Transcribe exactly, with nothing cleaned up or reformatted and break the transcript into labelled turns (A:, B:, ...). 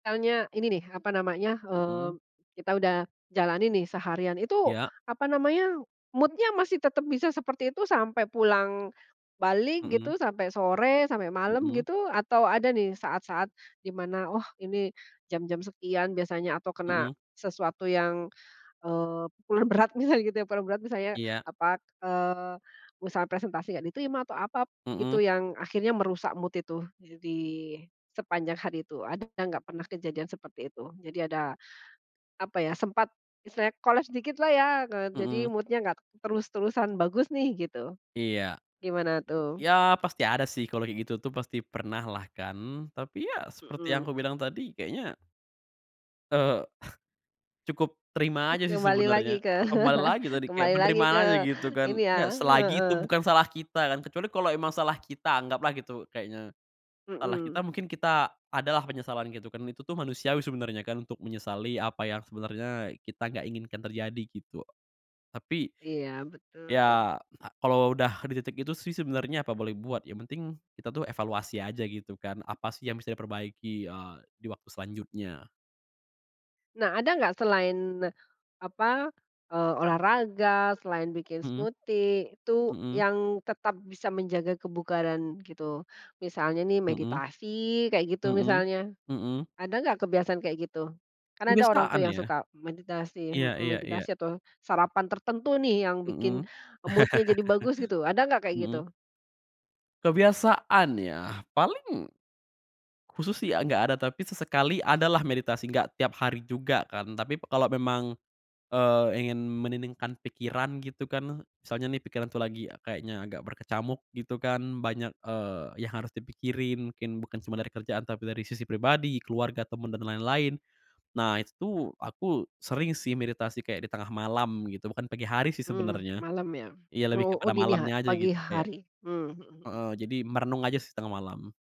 A: Misalnya ini nih, apa namanya eee,
B: Mhm.
A: kita udah jalani nih seharian itu
B: Ya.
A: apa namanya, mood-nya masih tetap bisa seperti itu sampai pulang balik
B: Mhm.
A: gitu, sampai sore, sampai malam
B: Mhm.
A: gitu, atau ada nih saat-saat di mana, oh ini jam-jam sekian biasanya, atau kena
B: Mhm.
A: sesuatu yang, eee, pul berat misalnya gitu ya, paling berat misalnya
B: Iya.
A: apa, eee, misalnya presentasi gak diterima atau apa gitu
B: Mhm.
A: yang akhirnya merusak mood itu, eee, di sepanjang hari itu, ada nggak pernah kejadian seperti itu? Jadi ada apa ya, sempat misalnya koles dikit lah ya, eee, jadi
B: Mhm.
A: mood-nya nggak terus-terusan bagus nih gitu,
B: Iya.
A: gimana tuh?
B: Ya pasti ada sih kalau kayak gitu tuh, pasti pernah lah kan, tapi ya seperti yang
A: Mhm.
B: aku bilang tadi kayaknya eee, cukup terima aja sih
A: Kembali
B: sebenernya,
A: lagi ke
B: kembali lagi tadi kayak
A: kembali lagi ke
B: penerimaan aja gitu
A: ini
B: kan.
A: ya,
B: Ya selagi itu
A: heeh.
B: bukan salah kita kan, kecuali kalo emang salah kita anggaplah gitu, kayaknya, salah kita
A: Mhm.
B: mungkin kita adalah penyesalan gitu kan, itu tuh manusiawi sebenernya kan untuk menyesali apa yang sebenernya kita gak inginkan terjadi, gitu. Tapi
A: Iya betul.
B: ya kalo udah di titik itu sih sebenernya apa boleh buat, yang penting kita tuh evaluasi aja gitu kan, apa sih yang bisa diperbaiki, eee, di waktu selanjutnya.
A: Nah ada gak selain apa eee, olahraga, selain bikin
B: Mhm.
A: smoothie, itu
B: Mhm.
A: yang tetap bisa menjaga kebugaran gitu? Misalnya nih
B: Mhm.
A: meditasi kayak gitu
B: Mhm.
A: misalnya.
B: Mhm.
A: Ada gak kebiasaan kayak gitu? Kan ada orang tuh
B: Kebiasaan
A: yang
B: ya.
A: suka meditasi
B: Iya
A: mhm,
B: iya iya.
A: atau sarapan tertentu nih yang bikin
B: Mhm.
A: mood-nya jadi bagus gitu, ada nggak kayak gitu?
B: Mhm. Kebiasaan ya, paling khusus sih, eee, gak ada, tapi sesekali adalah meditasi, gak tiap hari juga kan. Tapi kalau memang, eee, ingin meniningkan pikiran gitu kan, misalnya nih pikiran tuh lagi kayaknya agak berkecamuk gitu kan, banyak, eee, yang harus dipikirin mungkin bukan cuma dari kerjaan, tapi dari sisi pribadi, keluarga, temen, dan lain-lain. Nah itu aku sering sih meditasi kayak di tengah malam gitu, bukan pagi hari sih
A: Mmm,
B: sebenernya,
A: malam ya.
B: ya lebih
A: Oh oh
B: pada
A: dini ha
B: malamnya aja
A: pagi
B: gitu kayak
A: hari? Mmm, mhm mhm.
B: heeh, jadi merenung aja sih tengah malam.